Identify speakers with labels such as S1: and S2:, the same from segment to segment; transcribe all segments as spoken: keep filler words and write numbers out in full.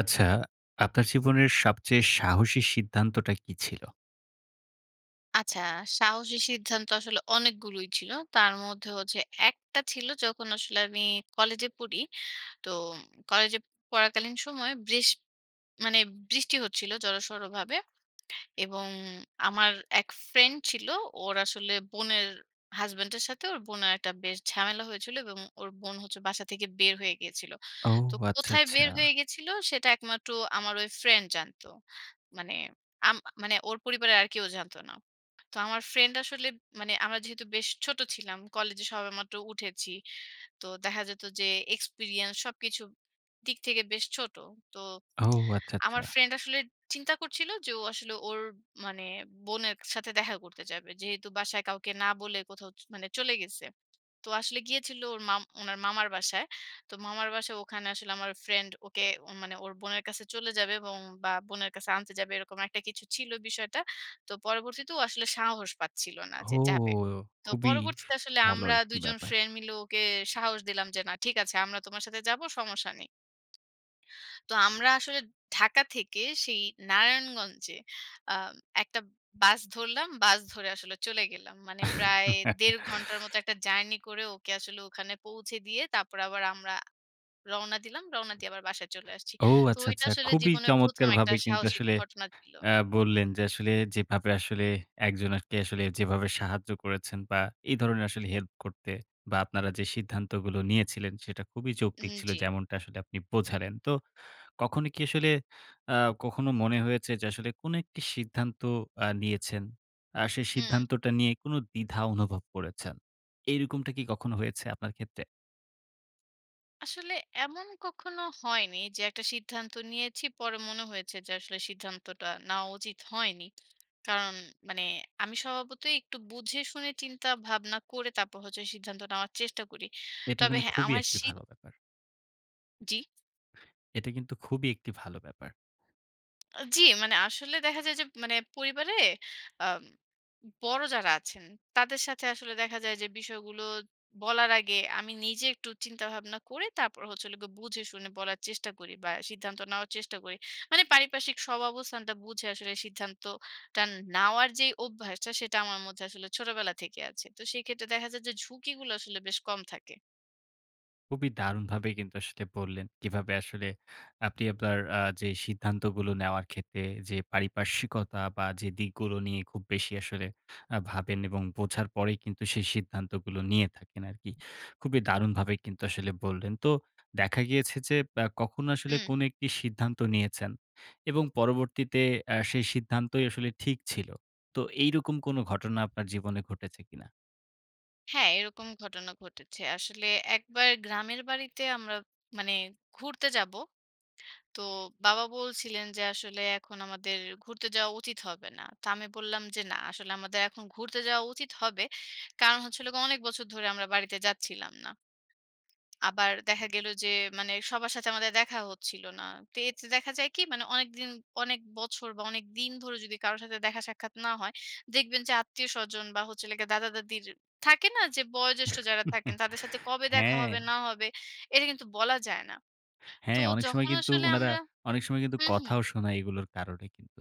S1: আচ্ছা, আপনার জীবনের সবচেয়ে সাহসী সিদ্ধান্তটা কী ছিল?
S2: আচ্ছা, সাহসী সিদ্ধান্ত আসলে অনেকগুলোই ছিল। তার মধ্যে হচ্ছে একটা ছিল যখন আসলে আমি কলেজে পড়ি। তো কলেজে পড়াকালীন সময় ব্রেস মানে বৃষ্টি হচ্ছিল জড়সড়ভাবে। এবং আমার এক ফ্রেন্ড ছিল। ওর আসলে বোনের হাসব্যান্ডের সাথে ওর বোনের একটা বেশ ঝামেলা হয়েছিল এবং ওর বোন হচ্ছে বাসা থেকে বের হয়ে গিয়েছিল।
S1: ও
S2: তো
S1: আচ্ছা,
S2: কোথায়
S1: আচ্ছা।
S2: বের হয়ে গেছিল সেটা একমাত্র আমার ঐ ফ্রেন্ড জানত। মানে আম আ মানে ওর পরিবারের আর কেউ জানত না। তো আমার ফ্রেন্ড আসলে মানে আমরা যেহেতু বেশ ছোট ছিলাম। কলেজে সবে মাত্র উঠেছি। তো দেখা যেত যে experience সবকিছু দিক থেকে বেশ ছোট। তো
S1: ও আচ্ছা, আচ্ছা।
S2: আমার ফ্রেন্ড আসলে চিন্তা করছিল যে ও আসলে ওর মানে বোনের কা সাথে দেখা করতে যাবে। যেহেতু বাসায় কাউকে না বলে কোথাও চ মানে চলে গেছে। তো আসলে গিয়েছিল ওর মাম উনার মামার বাসায়। তো মামার বাসায় ওখানে আসলে আমার ফ্রেন্ড ওকে মানে ওর বোনের কাছে চলে যাবে এবং বা বোনের কাছে আনতে যাবে এরকম একটা কিছু ছিল বিষয়টা। তো পরবর্তীতে ও আসলে সাহস পাচ্ছিল না
S1: ও,
S2: যে যাবে। তো
S1: খুবই
S2: পরবর্তীতে আসলে
S1: ভালো
S2: আমরা
S1: একটি
S2: দুই জন
S1: ব্যাপার।
S2: ফ্রেন্ড মিলে ওকে সাহস দিলাম যে, "না, ঠিক আছে আমরা তোমার সাথে যাবো। সমস্যা নেই।" তো আমরা আসলে ঢাকা থেকে সেই নারায়ণগঞ্জে আম একটা বাস ধরলাম। বাস ধরে আসলে চলে গেলাম। মানে প্রায় দেড় ঘন্টার মত একটা জার্নি করে ওকে আসলে ওখানে পৌঁছে দিয়ে তারপরে আবার আমরা রওনা দিলাম। রওনা দিয়ে আবার বাসায় চলে আসছি।
S1: ও,
S2: তো
S1: আচ্ছা,
S2: ঐটা
S1: আচ্ছা।
S2: আসলে
S1: খুবই
S2: জীবনের প্রথম একটা
S1: চমৎকারভাবে কিন্তু
S2: সাহসিক
S1: আসলে
S2: ঘটনা ছিলো।
S1: আ বললেন যে আসলে যেভাবে আসলে একজনাকে যেভাবে সাহায্য করেছেন। বা, এই ধরনের আসলে হেল্প করতে বা আপনারা যে সিদ্ধান্তগুলো নিয়েছিলেন, সেটা খুবই
S2: হুম,
S1: যৌক্তিক ছিল,
S2: জ্বি।
S1: যেমনটা আসলে আপনি বোঝালেন। তো কখনো কি আসলে আ কখনো মনে হয়েছে যে আসলে কোন একটি সিদ্ধান্ত আ নিয়েছেন। আ সেই
S2: হুম।
S1: সিদ্ধান্তটা নিয়ে কোনো দ্বিধা অনুভব করেছেন? এরকমটা কি কখনো হয়েছে আপনার ক্ষেত্রে?
S2: আসলে এমন কখনো হয়নি যে একটা সিদ্ধান্ত নিয়েছি, পরে মনে হয়েছে যে আসলে সিদ্ধান্তটা নেওয়া উচিত হয়নি। কারণ মানে আমি স্বভাবতই একটু বুঝে, শুনে, চিন্তা, ভাবনা করে তারপর হচ্ছে, সিদ্ধান্ত নেওয়ার চেষ্টা করি।
S1: এটা
S2: তবে
S1: কিন্তু
S2: হ্যাঁ,
S1: খুবই
S2: আমার
S1: একটি
S2: সিধ
S1: ভালো ব্যাপার।
S2: জ্বি?
S1: এটা কিন্তু খুবই একটি ভালো ব্যাপার।
S2: আ জ্বি, মানে আসলে দেখা যায় যে, মানে পরিবারে অ্যা বড় যারা আছেন, তাদের সাথে আসলে দেখা যায় যে, বিষয়গুলো বলার আগে, আমি নিজে একটু চিন্তাভাবনা করে, তারপর হচ্ছে হলো গিয়ে বুঝে শুনে বলার চেষ্টা করি বা, সিদ্ধান্ত নেওয়ার চেষ্টা করি। মানে পারিপার্শ্বিক সব অবস্থানটা বুঝে আসলে সিদ্ধান্তটা নেওয়ার যে অভ্যাসটা, সেটা আমার মধ্যে আসলে ছোটবেলা থেকে আছে। তো সেইক্ষেত্রে দেখা যায় যে, ঝুঁকিগুলো আসলে বেশ কম থাকে।
S1: খুবই দারুণভাবেই কিন্তু আসলে বললেন। কিভাবে আসলে আপনি আপনার অ্যা যে সিদ্ধান্তগুলো নেওয়ার ক্ষেত্রে যে, পারিপার্শ্বিকতা বা যে দিকগুলো নিয়ে খুব বেশি আসলে অ্যা ভাবেন এবং বোঝার পরেই কিন্তু সেই সিদ্ধান্তগুলো নিয়ে থাকেন আরকি। খুবই দারুণভাবে কিন্তু আসলে বললেন। তো দেখা গিয়েছে যে, ব্য কখনো আসলে
S2: হুম।
S1: কোন একটি সিদ্ধান্ত নিয়েছেন এবং পরবর্তীতে এ্যা সেই সিদ্ধান্তই আসলে ঠিক ছিল। তো এইরকম কোন ঘটনা আপনার জীবনে ঘটেছে কিনা?
S2: হ্যাঁ, এরকম ঘটনা ঘটেছে। আসলে একবার গ্রামের বাড়িতে আমরা মানে ঘুরতে যাব। তো বাবা বলছিলেন যে আসলে এখন আমাদের ঘুরতে যাওয়া উচিত হবে না। তো আমি বললাম যে না, আসলে আমাদের এখন ঘুরতে যাওয়া উচিত হবে। কারণ হচ্ছে হলো গে অনেক বছর ধরে আমরা বাড়িতে যাচ্ছিলাম না। আবার দেখা গেল যে মানে সবার সাথে আমাদের দেখাও হচ্ছিল না। তো এতে দেখা যায় কি মানে অনেক দিন, অনেক বছর বা, অনেক দিন ধরে যদি কারো সাথে দেখা সাক্ষাৎ না হয়, দেখবেন যে আত্মীয়-স্বজন বা, হচ্ছে হলো গিয়ে দাদা-দাদীর থাকে না? যে বয়োজ্যেষ্ঠ যারা থাকেন তাদের সাথে কবে দেখা
S1: হ্যাঁ।
S2: হবে না হবে, এটা কিন্তু বলা যায় না। তো
S1: হ্যাঁ। অনেক সময়
S2: যখন
S1: কিন্তু
S2: আসলে
S1: উনারা,
S2: আমরা
S1: অনেক সময় কিন্তু
S2: হু, হু।
S1: কথাও শোনায় এগুলোর কারণে কিন্তু।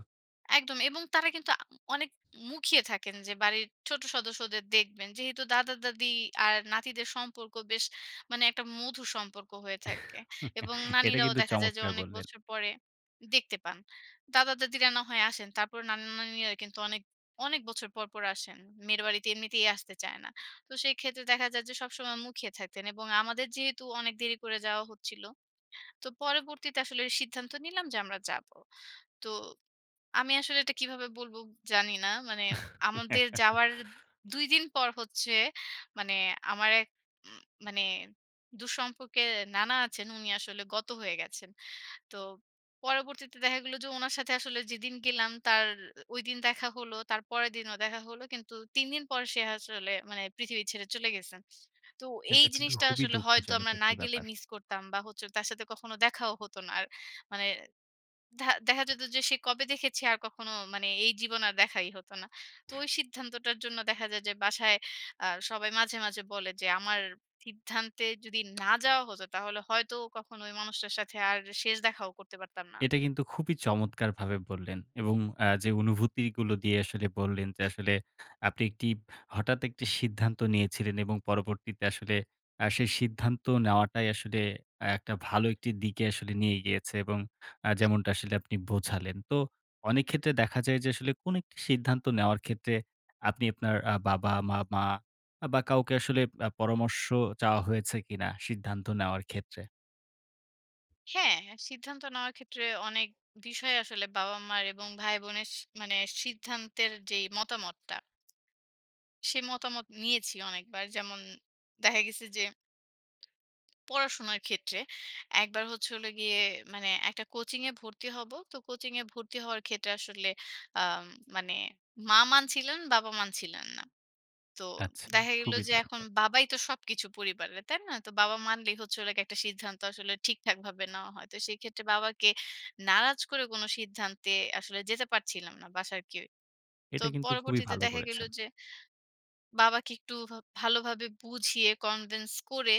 S2: একদম। এবং তারা কিন্তু আ অনেক মুখিয়ে থাকেন যে বাড়ির ছোট সদস্যদের দেখবেন। যেহেতু দাদা-দাদী আর নাতিদের সম্পর্ক বেশ মানে একটা মধুর সম্পর্ক হয়ে থাকে। এবং
S1: এটা
S2: নানীরাও
S1: কিন্তু
S2: দেখা যায় যে
S1: চমৎকার
S2: অনেক
S1: বললেন।
S2: বছর পরে দেখতে পান। দাদা-দাদীরা না হয় আসেন। তারপর নানা-নানীরা কিন্তু অনেক, অনেক বছর পর, পর আসেন। মেয়ের বাড়িতে এমনিতেই আসতে চায় না। তো সেইক্ষেত্রে দেখা যায় যে সবসময় মুখিয়ে থাকতেন। এবং আমাদের যেহেতু অনেক দেরি করে যাওয়া হচ্ছিল। তো পরবর্তীতে আসলে সিদ্ধান্ত নিলাম যে আমরা যাবো। তো আমি আসলে এটা কিভাবে বলবো জানি না। মানে আমাদের যাওয়ার দুই দিন পর হচ্ছে মানে আমার এক এ মানে দূর-সম্পর্কের নানা আছেন, উনি আসলে গত হয়ে গেছেন। তো পরবর্তীতে দেখা গেল যে ওনার সাথে আসলে যেদিন গেলাম তার ঐদিন দেখা হল। তার পরের দিনও দেখা হলো। কিন্তু তিন দিন পর সে আসলে মানে পৃথিবী ছেড়ে চলে গেছেন। তো এই
S1: এটা কিন্তু
S2: জিনিসটা
S1: খুবই
S2: আসলে হয়তো
S1: দুঃখজনক
S2: আমরা না
S1: একটি
S2: গেলে
S1: ব্যাপার।
S2: মিস করতাম বা, হচ্ছে তার সাথে কখনো দেখাও হত না। আর মানে দা দেখা যেত যে সে কবে দেখেছি আর কখনো মানে এই জীবনে আর দেখাই হত না। তো ওই সিদ্ধান্তটার জন্য দেখা যায় যে, বাসায় আ সবাই মাঝে, মাঝে বলে যে আমার সিদ্ধান্তে যদি না যাওয়া হতো তাহলে হয়তো কখনো ওই মানুষটার সাথে আর শেষ দেখাও করতে পারতাম না।
S1: এটা কিন্তু খুবই চমৎকারভাবে বললেন। এবং আ যে অনুভূতিগুলো দিয়ে আসলে বললেন যে আসলে আপনি একটি হঠাৎ একটি সিদ্ধান্ত নিয়েছিলেন এবং পরবর্তীতে আসলে আ সেই সিদ্ধান্ত নেওয়াটাই আসলে একটা ভালো একটি দিকে আসলে নিয়ে গিয়েছে। এবং আ
S2: হু।
S1: যেমনটা
S2: [unintelligible]
S1: আসলে আপনি বোঝালেন। তো অনেকক্ষেত্রে দেখা যায় যে আসলে কোন একটি সিদ্ধান্ত নেওয়ার ক্ষেত্রে আপনি আপনার আ বাবা-মা বা, বা কাউকে আসলে আ পরামর্শ চাওয়া হয়েছে কিনা, সিদ্ধান্ত নেওয়ার ক্ষেত্রে?
S2: হ্যাঁ, সিদ্ধান্ত নেওয়ার ক্ষেত্রে অনেক বিষয় আসলে বাবা-মার এবং ভাইবোনের সি মানে সিদ্ধান্তের যেই মতামতটা সে মতামত নিয়েছি অনেকবার। যেমন দেখা গেছে যে পড়াশোনার ক্ষেত্রে। একবার হচ্ছে হলো গিয়ে মানে একটা কোচিংয়ে ভর্তি হবো। তো কোচিংয়ে ভর্তি হওয়ার ক্ষেত্রে আসলে আ মানে মা মানছিলেন, বাবা মানছিলেন না। তো
S1: আচ্ছা।
S2: দেখা গেল
S1: খুবই
S2: যে,
S1: দারুন
S2: এখন
S1: ব্যাপ
S2: বাবাই তো সবকিছু পরিবারের, তাই না? তো বাবা মানলেই হচ্ছে হলো গে একটা সিদ্ধান্ত আসলে ঠিকঠাকভাবে নেওয়া হয়। তো সেক্ষেত্রে বাবাকে নারাজ করে কোন সিদ্ধান্তে আসলে যেতে পারছিলাম না বাসার কেউ। তো
S1: এটা কিন্তু খুবই
S2: পরবর্তীতে
S1: ভালো
S2: দেখা গেল
S1: করেছেন।
S2: যে, বাবাকে একটু ভা ভালোভাবে বুঝিয়ে convince করে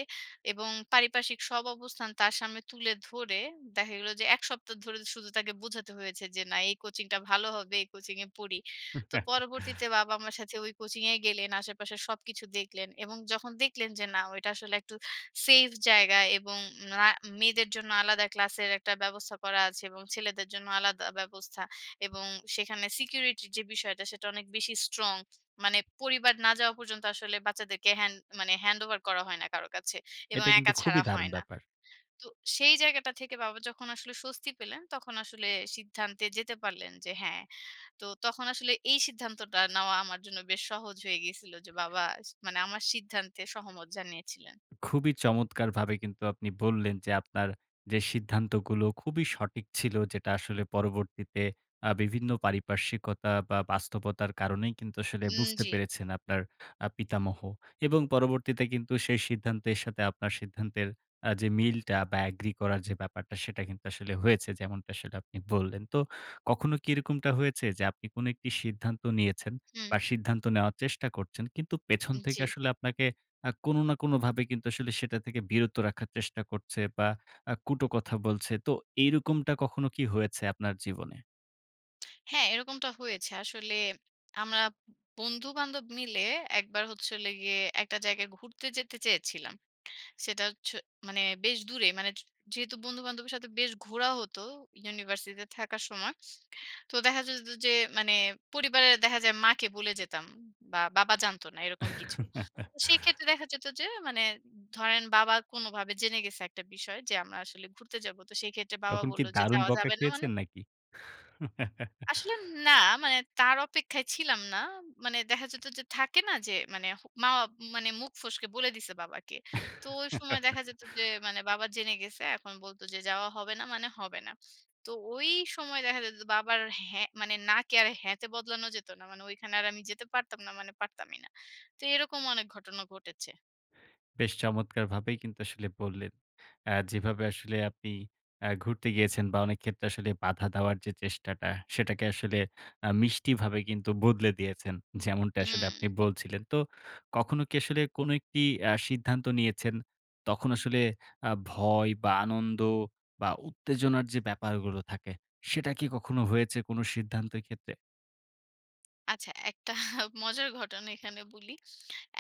S2: এবং পারিপার্শ্বিক সব অবস্থান তার সামনে তুলে ধরে দেখা গেল যে, এক সপ্তাহ ধরে শুধু তাকে বোঝাতে হয়েছে যে, না, এই কোচিংটা ভালো হবে, এই কোচিংএ পড়ি। তো পরবর্তীতে বাবা আমার সাথে ওই কোচিংয়ে গেলেন, আশেপাশে সবকিছু দেখলেন। এবং যখন দেখলেন যে না, ওইটা আসলে একটু সেফ জায়গা এবং না মেয়েদের জন্য আলাদা ক্লাসের একটা ব্যবস্থা করা আছে এবং ছেলেদের জন্য আলাদা ব্যবস্থা এবং সেখানে সিকিউরিটির যে বিষয়টা, সেটা অনেক বেশি strong। মানে পরিবার না যাওয়া পর্যন্ত আসলে বাচ্চাদেরকে হ্যান্ড মানে handover করা হয় না কারো কাছে। এবং
S1: এটা কিন্তু
S2: একা
S1: খুবই
S2: ছাড়া
S1: দারুণ
S2: হয় না।
S1: ব্যাপার।
S2: তো সেই জায়গাটা থেকে বাবা যখন আসলে স্বস্তি পেলেন, তখন আসলে সিদ্ধান্তে যেতে পারলেন যে, হ্যাঁ। তো তখন আসলে এই সিদ্ধান্তটা নেওয়া আমার জন্য বেশ সহজ হয়ে গিয়েছিল যে, বাবা আস মানে আমার সিদ্ধান্তে সহমত জানিয়েছিলেন।
S1: খুবই চমৎকারভাবে কিন্তু আপনি বললেন যে, আপনার যে সিদ্ধান্তগুলো খুবই সঠিক ছিল। যেটা আসলে পরবর্তীতে আ বিভিন্ন পারিপার্শ্বিকতা বা, বাস্তবতার কারণেই কিন্তু আসলে
S2: হুম,
S1: বুঝতে
S2: জি।
S1: পেরেছেন আপনার আ পিতামহ। এবং পরবর্তীতে কিন্তু সেই সিদ্ধান্তের সাথে আপনার সিদ্ধান্তের আ যে মিলটা বা agree করা যে ব্যাপারটা, সেটা কিন্তু আসলে হয়েছে, যেমনটা আপনি আসলে বললেন। তো কখনো কি এরকম হয়েছে যে, আপনি কোন একটি সিদ্ধান্ত নিয়েছেন
S2: হুম।
S1: বা সিদ্ধান্ত নেওয়ার চেষ্টা করছেন। কিন্তু পেছন
S2: উম
S1: থেকে
S2: জি।
S1: আসলে আপনাকে আ কোনো না কোনোভাবে কিন্তু আসলে সেটা থেকে বিরত রাখার চেষ্টা করছে বা, আ কটুকথা বলছে? তো এরকমটা কখনো কি হয়েছে আপনার জীবনে?
S2: হ্যাঁ। এরকমটা হয়েছে। আসলে আমরা বন্ধু-বান্ধব মিলে একবার হচ্ছে হলো গিয়ে একটা জায়গায় ঘুরতে যেতে চেয়েছিলাম। সেটা হচ্ছে মানে বেশ দূরে মানে য যেহেতু বন্ধু-বান্ধবের সাথে বেশ ঘোরা হতো, ইউনিভার্সিটিতে থাকার সময়। তো দেখা যেত যে মানে পরিবারের দেখা যায় মাকে বলে যেতাম। বা, বাবা জানত না। এরকম কিছু। তো সেক্ষেত্রে দেখা যেত যে মানে ধরেন বাবা কোনভাবে জেনে গেছে একটা বিষয়। যে আমরা আসলে ঘুরতে যাব। তো সেইক্ষেত্রে বাবা
S1: তখন কি
S2: বললো যে
S1: দারুণ
S2: যাওয়া
S1: বকা
S2: যাবে না মানে
S1: খেয়েছেন নাকি?
S2: আসলে না। মানে তার অপেক্ষায় ছিলাম না। মানে দেখা যেত, যে থাকে না? যে মানে মা মানে মুখ ফসকে বলে দিছে বাবাকে। তো ঐ সময় দেখা যেত যে মানে বাবা জেনে গেছে। এখন বলতো যে যাওয়া হবে না মানে হবে না। তো ঐ সময় দেখা যেত বাবার হ্যাঁ মানে না কে আর হ্যাঁ তে বদলানো যেত না। মানে ঐখানে আর আমি যেতে পারতাম না মানে পারতামই না। তো এরকম অনেক ঘটনা ঘটেছে।
S1: বেশ, চমৎকারভাবেই কিন্তু আসলে বললেন, আ যেভাবে আসলে আপনি আ ঘুরতে গিয়েছেন বা, অনেক ক্ষেত্রে আসলে বাধা দেওয়ার যে চেষ্টাটা, সেটাকে আসলে আ মিষ্টিভাবে কিন্তু বদলে দিয়েছেন। যেমনটা আসলে আপনি
S2: হুম।
S1: বলছিলেন। তো কখনো কি আসলে কোনো একটি আ সিদ্ধান্ত নিয়েছেন, তখন আসলে আ ভয় বা, আনন্দ বা উত্তেজনার যে ব্যাপারগুলো থাকে, সেটা কি কখনো হয়েছে কোন সিদ্ধান্তর ক্ষেত্রে?
S2: আচ্ছা, একটা মজার ঘটনা এখানে বুলি।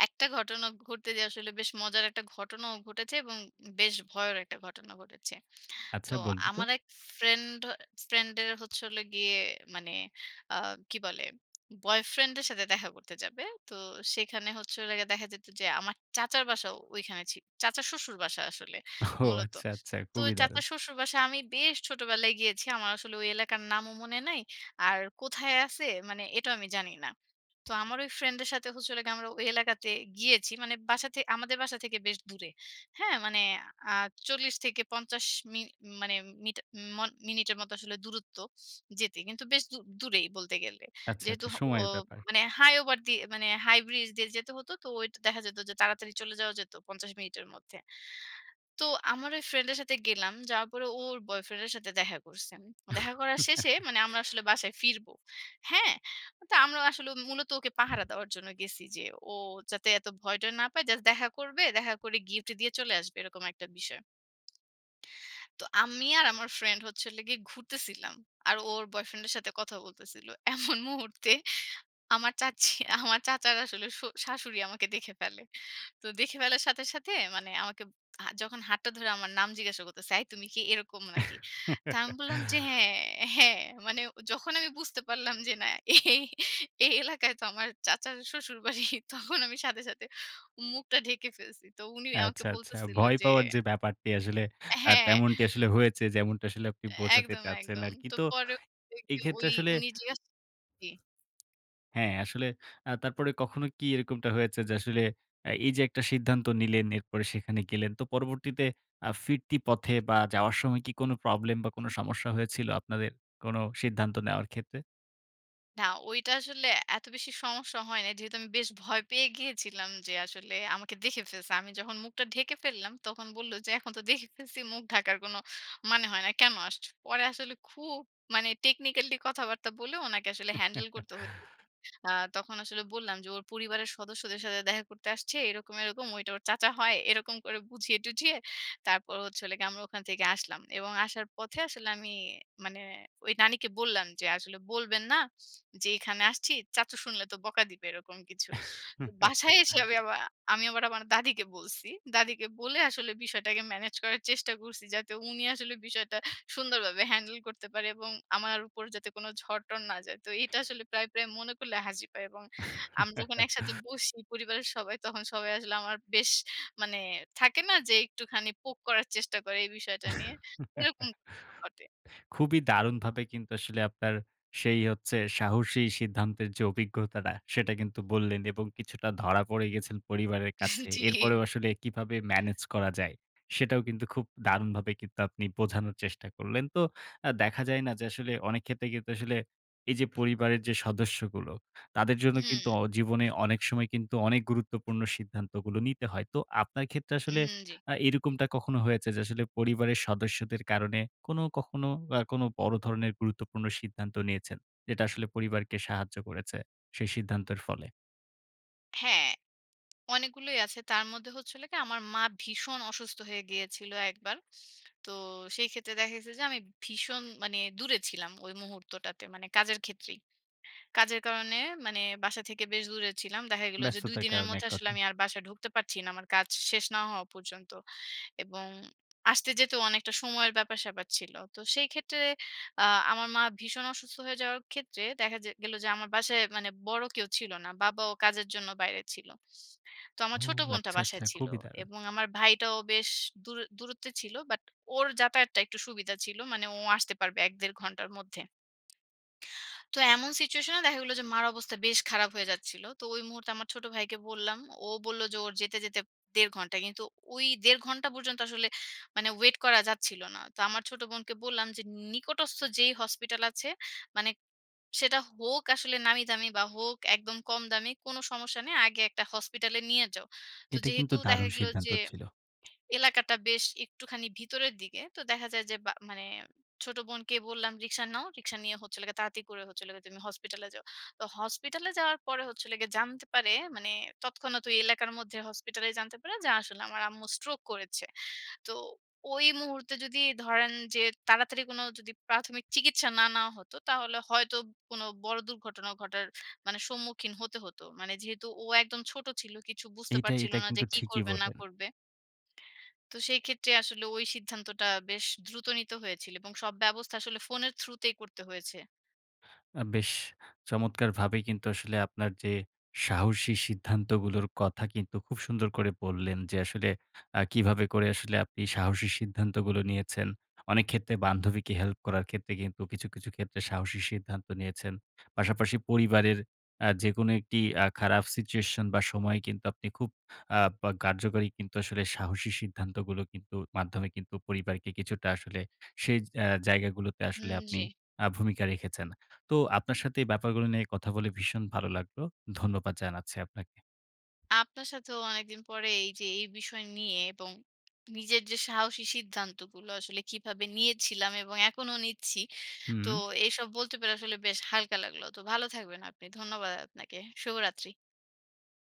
S2: একটা ঘটনা ঘটতে যেয়ে আসলে বেশ মজার একটা ঘটনাও ঘটেছে এবং বেশ ভয়েরও একটা ঘটনা ঘটেছে। তো
S1: আচ্ছা বলুন তো!
S2: আমার এক ফ্রেন্ড হ ফ্রেন্ডের হচ্ছে হলো গিয়ে মানে আ কি বলে বয়ফ্রেন্ড এর সাথে দেখা করতে যাবে। তো সেখানে হচ্ছে হলো গিয়ে দেখা যেত যে, আমার চাচার বাসাও ঐখানে ছি চাচার শ্বশুর বাসা আসলে
S1: ও
S2: মূলত।
S1: আচ্ছা, আচ্ছা
S2: তো ঐ
S1: খুবই দারুন!
S2: চাচার শ্বশুর বাসায় আমি বেশ ছোটবেলায় গিয়েছি। আমার আসলে ঐ এলাকার নামও মনে নাই। আর কোথায় আছে মানে এটাও আমি জানি না। তো আমার ঐ ফ্রেন্ডের সাথে হচ্ছে হলো গিয়ে, আমরা ঐ এলাকাতে গিয়েছি। মানে বাসা থে আমাদের বাসা থেকে বেশ দূরে। হ্যাঁ? মানে আ চল্লিশ থেকে পঞ্চাশ মি মানে মিটা মন মিনিটের মতো আসলে দূরত্ব যেতে। কিন্তু বেশ দূ দূরেই বলতে গেলে।
S1: আচ্ছা,
S2: যেহেতু
S1: আচ্ছা
S2: হ অ
S1: সময়ের ব্যাপার।
S2: মানে হাই ওভার দিয়ে মানে হাই ব্রিজ দিয়ে যেতে হতো তো ঐটা দেখা যেত যে তাড়াতাড়ি চলে যাওয়া যেত পঞ্চাশ মিনিটের মধ্যে। তো আমার ঐ ফ্রেন্ড এর সাথে গেলাম। যাওয়ার পরে ও ওর বয়ফ্রেন্ড এর সাথে দেখা করসে, দেখা করার শেষে মানে আমরা আসলে বাসায় ফিরব। হ্যাঁ? তো আমরা আসলেও মূলত ওকে পাহারা দেওয়ার জন্য গেছি যে, ও যাতে এত ভয় টয় না পায়। জাস্ট দেখা করবে, দেখা করে গিফট দিয়ে চলে আসবে। এরকম একটা বিষয়। তো আমি আর আমার ফ্রেন্ড হচ্ছে হলো গিয়ে ঘুরতেছিলাম। আর ও ওর বয়ফ্রেন্ড এর সাথে কথা বলতেছিল। এমন মুহূর্তে আমার চাচী আমার চাচার আসলে শ শাশুড়ি আমাকে দেখে ফেলে তো দেখে ফেলার সাথে, সাথে, মানে আমাকে হা যখন হাতটা ধরে আমার নাম জিজ্ঞাসা করতেছে, "এই তুমি কি এরকম নাকি?" তো আমি বললাম যে "হ্যাঁ, হ্যাঁ," মানে যখন আমি বুঝতে পারলাম যে না, এই, এই এলাকায় তো আমার চাচার শ্বশুরবাড়ি তখন আমি সাথে, সাথে, মুখটা ঢেকে ফেলছি তো উনি আমাকে
S1: আচ্ছা, আচ্ছা।
S2: বলতেছিল
S1: ভয়
S2: যে
S1: পাওয়ার যে ব্যাপারটি আসলে
S2: অ্যা
S1: অ্যা
S2: হ্যাঁ।
S1: তেমনটি আসলে হয়েছে যেমনটা আসলে আপনি বোঝাতে
S2: একদম,
S1: চাচ্ছেন
S2: একদম।
S1: আরকি।
S2: তো
S1: তো
S2: পরে
S1: এই
S2: [unintelligible] ঐ
S1: ক্ষেত্রে আসলে
S2: উনি জিজ্ঞেস জি।
S1: হ্যাঁ। আসলে এ্যা তারপরে কখনো কি এরকমটা হয়েছে? যে আসলে অ্যা এই যে, একটা সিদ্ধান্ত নিলেন এরপরে সেখানে গেলেন তো পরবর্তীতে আ ফিরতি পথে বা যাওয়ার সময় কি কোন প্রবলেম বা কোন সমস্যা হয়েছিল? আপনাদের কোন সিদ্ধান্ত নেওয়ার ক্ষেত্রে?
S2: না, ঐটা আসলে এত বেশি সমস্যা হয় নাই, যেহেতু আমি বেশ ভয় পেয়ে গিয়েছিলাম যে আসলে আমাকে দেখে ফেলছে। আমি যখন মুখটা ঢেকে ফেললাম তখন বলল যে, "এখন তো দেখে ফেলছি মুখ ঢাকার কোন মানে হয় না। কেন আসছ?" পরে আসলে খুব মানে technically কথাবার্তা বলে ওনাকে আসলে হ্যান্ডেল করতে হল। আ তখন আসলে বললাম যে ওর পরিবারের সদস্যদের সাথে দেখা করতে আসছে। এরকম, এরকম ওইটা ওর চাচা হয় এরকম করে বুঝিয়ে টুঝিয়ে তারপর হচ্ছে হলো গিয়ে আমরা ওখান থেকে আসলাম। এবং আসার পথে আসলে আমি মানে ওই নানিকে বললাম যে আসলে বলবেন না। যে এখানে আসছি চাচ্চু শুনলে তো বকা দিবে এরকম কিছু। তো বাসায় এসে আমি আবা আমি আবার আমার দাদিকে বলছি। দাদিকে বলে আসলে বিষয়টাকে ম্যানেজ করার চেষ্টা করছি যাতে উনি আসলে বিষয়টা সুন্দরভাবে হ্যান্ডেল করতে পারে এবং আমার উপর যাতে কোন ঝড়-টর না যায়। তো এটা আসলে প্রায়, প্রায় মনে করলে হাসি পায় এবং আমি যখন একসাথে বসি পরিবারের সবাই তখন সবাই আসলে আমার বেশ মানে থাকে না যে একটুখানি পোক করার চেষ্টা করে এই বিষয়টা নিয়ে? এরকম [unintelligible] ঘটে।
S1: খুবই! দারুণভাবে কিন্তু আসলে আপনার সেই হচ্ছে সাহসী সিদ্ধান্তের যে অভিজ্ঞতাটা সেটা কিন্তু বললেন এবং কিছুটা ধরা পড়ে গেছেন পরিবারের
S2: জি,
S1: কাছে।
S2: জি।
S1: এরপরেও আসলে কীভাবে ম্যানেজ করা যায়? সেটাও কিন্তু খুব দারুণভাবে কিন্তু আপনি বোঝানোর চেষ্টা করলেন। তো আ দেখা যায় না। যে আসলে, অনেক ক্ষেত্রে কিন্তু আসলে এই যে পরিবারের যে সদস্যগুলো তাদের জন্য কিন্তু
S2: হুম।
S1: অ জীবনে অনেক সময় কিন্তু অনেক গুরুত্বপূর্ণ সিদ্ধান্তগুলো নিতে হয়। তো আপনার ক্ষেত্রে আসলে
S2: উম জি।
S1: আ এরকমটা কখনো হয়েছে যে, আসলে পরিবারের সদস্যদের কারণে কোন কখনো আ কোন বড় ধরনের গুরুত্বপূর্ণ সিদ্ধান্ত নিয়েছেন? যেটা আসলে পরিবারকে সাহায্য করেছে সেই সিদ্ধান্তের ফলে?
S2: হ্যাঁ, অনেকগুলোই আছে, তার মধ্যে হচ্ছে হলো গিয়ে, আমার মা ভীষণ অসুস্থ হয়ে গিয়েছিল একবার। তো সেই ক্ষেত্রে দেখা গেছে যে, আমি ভীষণ মানে দূরে ছিলাম ওই মুহূর্তটাতে, মানে কাজের ক্ষেত্রেই, কাজের কারণে মানে বাসা থেকে বেশ দূরে ছিলাম। দেখা গেল যে দুই
S1: ব্যস্ততার
S2: দিনের
S1: কারণে
S2: মধ্যে
S1: এক
S2: আসলে
S1: কথায়।
S2: আমি আর বাসায় ঢুকতে পারছি না, আমার কাজ শেষ না হওয়া পর্যন্ত, এবং আসতে যেতেও অনেকটা সময়ের ব্যাপার-স্যাপার ছিল। তো সেই ক্ষেত্রে আ আমার মা ভীষণ অসুস্থ হয়ে যাওয়ার ক্ষেত্রে দেখা যে গেল যে, আমার বাসায় মানে বড় কেউ ছিল না, বাবাও কাজের জন্য বাইরে ছিল, তো
S1: ও
S2: আমার ছোট বোনটা
S1: আচ্ছা, আচ্ছা।
S2: বাসায় ছিল,
S1: খুবই দারুণ।
S2: এবং আমার ভাইটাও বেশ দূরে দূরত্বে ছিল, বাট ওর যাতায়াতটা একটু সুবিধা ছিল, মানে ও আসতে পারবে এক-দেড় ঘন্টার মধ্যে। তো এমন সিচুয়েশনে দেখা গেল যে মার অবস্থা বেশ খারাপ হয়ে যাচ্ছিল, তো ওই মুহূর্তে আমার ছোট ভাইকে বললাম, ও বলল যে ওর যেতে, যেতে দেড় ঘন্টা। কিন্তু ওই দেড় ঘন্টা পর্যন্ত আসলে মানে ওয়েট করা যাচ্ছিল না। তো আমার ছোট বোনকে বললাম যে, নিকটস্থ যেই হসপিটাল আছে, মানে সেটা হোক আসলে নামি দামি বা হোক একদম কম দামি, কোন সমস্যা নেই, আগে একটা হসপিটালে নিয়ে যাও। তো
S1: এইটা কিন্তু
S2: যেহেতু দেখা
S1: দারুন
S2: গেল
S1: সিদ্ধান্ত
S2: যে,
S1: ছিল।
S2: এলাকাটা বেশ একটুখানি ভিতরের দিকে, তো দেখা যায় যে, বা মানে ছোট বোনকে বললাম রিকশা নাও, রিকশা নিয়ে হচ্ছে হলো গিয়া তাড়াতাড়ি করে হচ্ছে হলো গিয়ে, তুমি হসপিটালে যাও, তো হসপিটালে যাওয়ার পরে হচ্ছে হলো গিয়ে জানতে পারে মানে তৎক্ষণাত ঐ এলাকার মধ্যে হসপিটালে জানতে পারে যে, আসলে আমার আম্মু stroke করেছে, তো ওই মুহূর্তে যদি ধরেন যে, তাড়াতাড়ি কোন যদি প্রাথমিক চিকিৎসা না নেওয়া হতো, তাহলে হয়তো কোন বড় দুর্ঘটনা ঘটার মানে সম্মুখীন হতে হতো, মানে যেহেতু ও একদম ছোট ছিল, কিছু বুঝতে
S1: এইটা
S2: পারছিল
S1: এইটা
S2: না যে
S1: কিন্তু
S2: কি
S1: ঠিকই
S2: করবে না
S1: বললেন।
S2: করবে। তো সেই ক্ষেত্রে আসলে ওই সিদ্ধান্তটা বেশ দ্রুত নিতে হয়েছিল, এবং সব ব্যবস্থা আসলে ফোনের থ্রুতেই করতে হয়েছে।
S1: আ বেশ, চমৎকারভাবেই কিন্তু আসলে আপনার যে, সাহসী সিদ্ধান্তগুলোর কথা কিন্তু খুব সুন্দর করে বললেন যে, আসলে আ কীভাবে করে আসলে আপনি সাহসী সিদ্ধান্তগুলো নিয়েছেন, অনেক ক্ষেত্রে বান্ধবীকে হেল্প করার ক্ষেত্রে, কিন্তু কিছু, কিছু ক্ষেত্রে সাহসী সিদ্ধান্ত নিয়েছেন। পাশাপাশি পরিবারের আ যেকোনো একটি আ খারাপ সিচুয়েশন বা সময় কিন্তু আপনি খুব আ পা কার্যকরী কিন্তু আসলে সাহসী সিদ্ধান্তগুলো কিন্তু, মাধ্যমে কিন্তু পরিবারকে কিছুটা আসলে সেই আ জায়গাগুলোতে, আসলে
S2: হুম,
S1: আপনি
S2: জি।
S1: আ ভূমিকা রেখেছেন, তো আপনার সাথে এই ব্যাপারগুলো নিয়ে কথা বলে ভীষণ ভালো লাগলো, ধন্যবাদ জানাচ্ছি আপনাকে।
S2: আপনার সাথেও অনেকদিন পরে এই যে, এই বিষয় নিয়ে এবং নিজের যে সাহসী সিদ্ধান্তগুলো আসলে কিভাবে নিয়েছিলাম এবং এখনো নিচ্ছি, তো
S1: হুম।
S2: এইসব বলতে পেরে আসলে বেশ হালকা লাগল। তো ভালো থাকবেন আপনি, ধন্যবাদ আপনাকে, শুভরাত্রি।